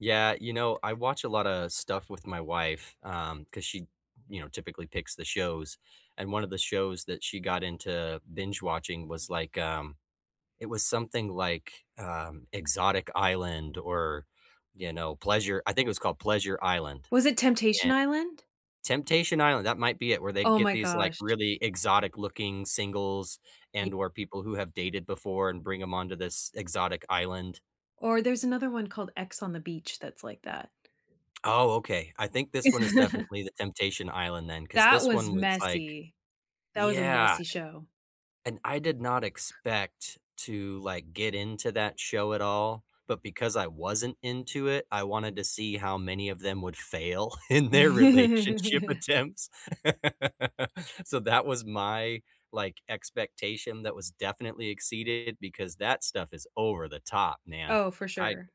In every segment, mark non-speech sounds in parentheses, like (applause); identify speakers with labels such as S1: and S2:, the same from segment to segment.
S1: Yeah, you know, I watch a lotta stuff with my wife, um, 'cause she, you know, typically picks the shows. And one of the shows that she got into binge-watching was, like, um, it was something like, um, Exotic Island or, you know, Pleasure I think it was called Pleasure Island.
S2: Was it Temptation
S1: And
S2: Island?
S1: Temptation Island, that might be it, where they
S2: Oh
S1: get
S2: my
S1: these, like,
S2: gosh.
S1: really exotic looking singles
S2: Y
S1: and, or people who have dated before and bring 'em onto this exotic island.
S2: Or there's another one called X on the Beach that's like that.
S1: Oh, okay. I think this one is
S2: (chuckles)
S1: definitely the Temptation Island then, 'cause
S2: That
S1: this
S2: was
S1: one was like
S2: messy. That was a
S1: Yeah.
S2: messy show.
S1: And I did not expect to, like, get into that show at all, but because I wasn't into it, I wanted to see how many of them would fail in their relationship
S2: (chuckles)
S1: attempts. (laughs) So that was my, like, expectation that was definitely exceeded, because that stuff is over the top, man.
S2: Oh, for
S1: I
S2: sure.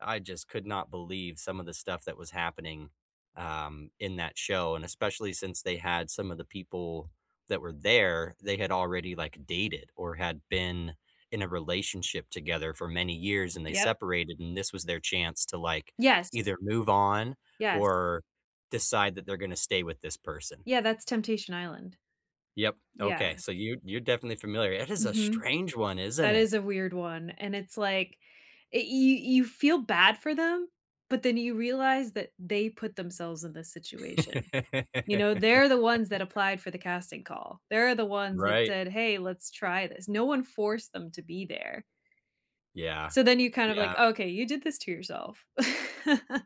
S1: I just could not believe some of the stuff that was happening, um, in that show, and especially since they had some of the people that were there, they had already, like, dated, or had been in a relationship together for many years, and they
S2: Yep.
S1: separated, and this was their chance to, like,
S2: Yes.
S1: either move on,
S2: Yes.
S1: or decide that they're gonna stay with this person.
S2: Yeah, that's Temptation Island.
S1: Yep, okay,
S2: Yeah.
S1: so you you're definitely familiar. It is a
S2: Mhm.
S1: strange one, isn't
S2: That
S1: it?
S2: is a weird one, and it's like, y y you feel bad for them, but then you realize that they put themselves in this situation, you know? They're the ones that
S1: (laughs)
S2: applied for the casting call. They're the ones that
S1: Right.
S2: said, "Hey, let's try this." No one forced them to be there.
S1: Yeah.
S2: So then you kind of
S1: Yeah.
S2: like, "Okay. You did this to yourself." (chuckles)